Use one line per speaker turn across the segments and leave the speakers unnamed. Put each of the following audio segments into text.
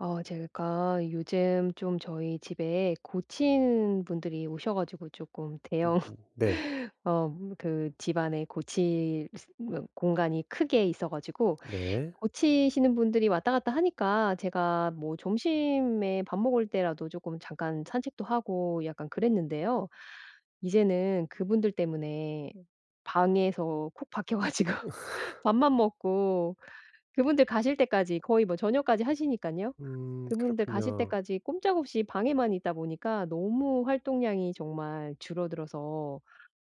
어 제가 요즘 좀 저희 집에 고치는 분들이 오셔 가지고 쪼끔
음
대형
네.
어 그 집안에 고칠 그 공간이 크게 있어 가지고
네.
고치시는 분들이 왔다 갔다 하니까 제가 뭐 점심에 밥 먹을 때라도 쪼끔 잠깐 산책도 하고 약간 그랬는데요. 이제는 그분들 때문에 방에서 콕 박혀 가지고 밥만 먹고 그분들 가실 때까지 거의 뭐 저녁까지 하시니깐요.
음
그분들 가실
그렇군요.
때까지 꼼짝없이 방에만 있다 보니까 너무 활동량이 정말 줄어들어서 어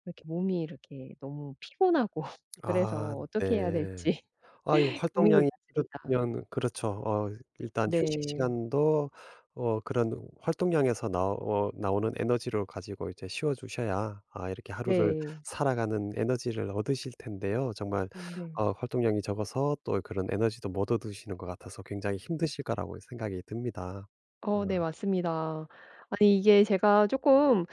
이렇게 몸이 이렇게 너무 피곤하고
아
그래서 어떻게 해야
네.
될지
아이고
고민이
활동량이
많습니다.
줄어들면 그렇죠. 어 일단 휴식
네.
시간도 어 그런 활동량에서 나오 나오는 에너지를 가지고 이제 쉬어주셔야 아 이렇게 하루를
네.
살아가는 에너지를 얻으실 텐데요. 정말
음 네.
아 활동량이 적어서 또 그런 에너지도 못 얻으시는 것 같아서 굉장히 힘드실 거라고 생각이 듭니다. 어.
어 네. 맞습니다. 아니 이게 제가 쪼끔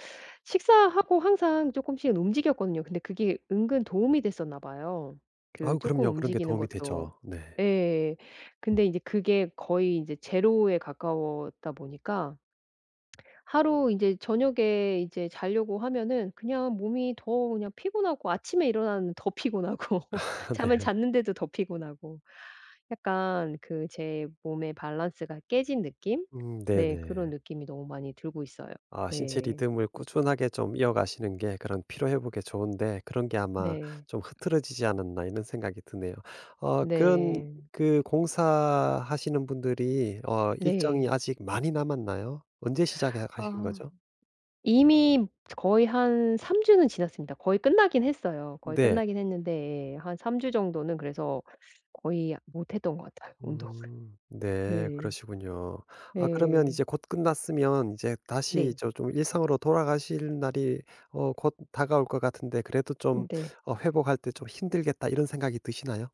식사하고 항상 쪼끔씩은 움직였거든요. 근데 그게 은근 도움이 됐었나 봐요. 그
아우
쪼끔
그럼요. 그런 게
움직이는
도움이
것도.
되죠. 네.
예. 근데 이제 그게 거의 이제 제로에 가까웠다 보니까 하루 이제 저녁에 이제 자려고 하면은 그냥 몸이 더 그냥 피곤하고 아침에 일어나면 더 피곤하고
아
잠을
네.
잤는데도 더 피곤하고 약간 그 제 몸의 밸런스가 깨진 느낌?
음
네. 그런
네네.
느낌이 너무 많이 들고 있어요.
아 신체
네.
리듬을 꾸준하게 좀 이어가시는 게 그런 피로 회복에 좋은데 그런 게 아마
네.
좀 흐트러지지 않았나 이런 생각이 드네요. 어 그런
네.
그 공사하시는 분들이 어 일정이
네.
아직 많이 남았나요? 언제 시작해 하신
아.
거죠?
이미 거의 한 3 주는 지났습니다. 거의 끝나긴 했어요. 거의
네.
끝나긴 했는데 예 한 3 주 정도는 그래서 거의 아 못 했던 것 같아요 운동을.
음 네.
네.
그러시군요. 아 그러면
네.
이제 곧 끝났으면 이제 다시 이
네.
저 좀 일상으로 돌아가실 날이 어 곧 다가올 것 같은데 그래도 좀
음 네.
어 회복할 때 좀 힘들겠다 이런 생각이 드시나요?